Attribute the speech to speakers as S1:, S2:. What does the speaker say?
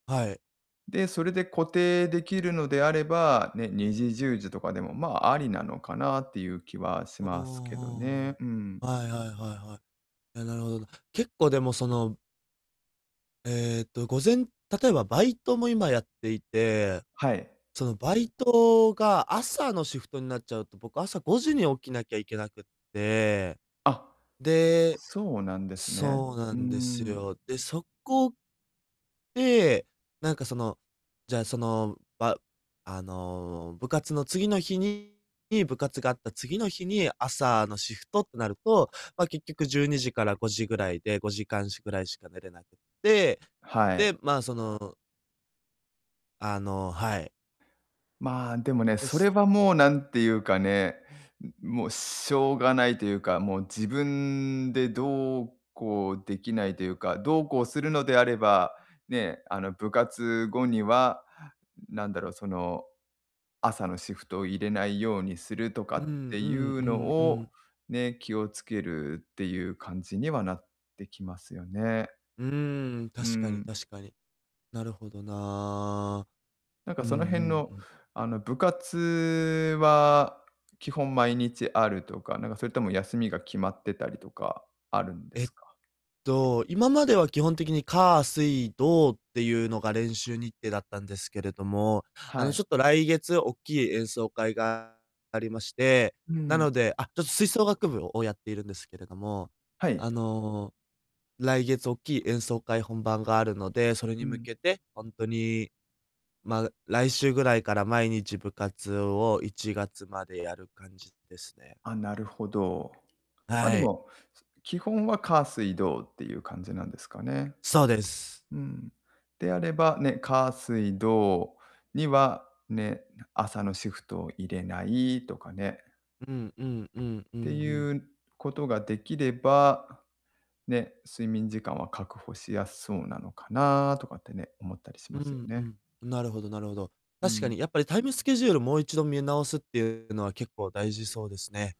S1: はい。
S2: で、それで固定できるのであれば、ね、2時10時とかでも、まあ、ありなのかなっていう気はし
S1: うー
S2: ますけど
S1: ん
S2: ね、
S1: う
S2: うーん。
S1: ーん。はいはいはいはい。え、なるほどな。結構でも、そのえっと、午前例えばバイトも今やっていて、
S2: はい。
S1: そのバイトが朝のシフトになっちゃうと、僕、朝5時に起きなきゃいけなくて、
S2: あ、
S1: で
S2: そうなんですね。
S1: そうな
S2: うー
S1: んです
S2: ん。
S1: よ。で、そこで、なんか、その、じゃ、その、ばあの、部活の次の日にに部活があった次の日に朝のシフトってなると、ま、結局12時から5時ぐらいで、5時間しぐらいしか寝れなくて、
S2: はい。
S1: で、まあ、そのあの、はい。
S2: まあ、でもね、
S1: で
S2: そ
S1: す。
S2: れは
S1: う
S2: も
S1: ん。
S2: う何ていうかね、うん、もう、しょうがないというか、もう、自分でどうこうできないというか、どうこうするのであれば、ね、あの、部活後には、ん、なんだろう、その、朝のシフトを入れないようにするとか
S1: うーんう
S2: って
S1: ー
S2: い
S1: んう
S2: う
S1: ー
S2: の
S1: んうー
S2: を、
S1: ん。
S2: ね、気をつけるっていう感じにはなってきますよね。
S1: うーん、
S2: うー
S1: 確かに
S2: ん。
S1: 確かに。なるほどな。
S2: なんか、
S1: うんう
S2: その辺
S1: ん
S2: の、
S1: うん。
S2: あの、部活は基本毎日あるとか、なんか、それとも休みが決まってたりとか、あるんで
S1: え
S2: す
S1: っ
S2: か？
S1: と、今までは基本的に火、水、土っていうのが練習日程だったんですけれども、あ
S2: は
S1: の、
S2: い。
S1: ちょっと来月おっきい演奏会がありまして、
S2: う
S1: なの
S2: ん。
S1: であ、ちょっと吹奏楽部ををやっているんですけれども。
S2: はい。
S1: あの、来月おっきい演奏会本番があるので、それに
S2: う
S1: 向
S2: ん。
S1: けてほんとに、まあ、来週ぐらいから毎日部活を1月までやる感じですね。
S2: あ、なるほど。ま、で
S1: はい。
S2: も、す基本は火、水、土っていう感じなんですかね。
S1: そうです。
S2: うん。であれば、ね、火、水、土には、ね、な朝のシフトを入れないとかね。
S1: うんうんうんうんう
S2: て
S1: ん。
S2: いうことができれば、ね、睡眠時間は確保しやすそうなのかなとかってね、思ったりし
S1: う
S2: ますよ
S1: んう
S2: ね。
S1: ん、なるほどなるほど。
S2: う
S1: 確か
S2: ん。
S1: にやっぱりタイムスケジュールもう一度見直すっていうのは、結構大事そうですね。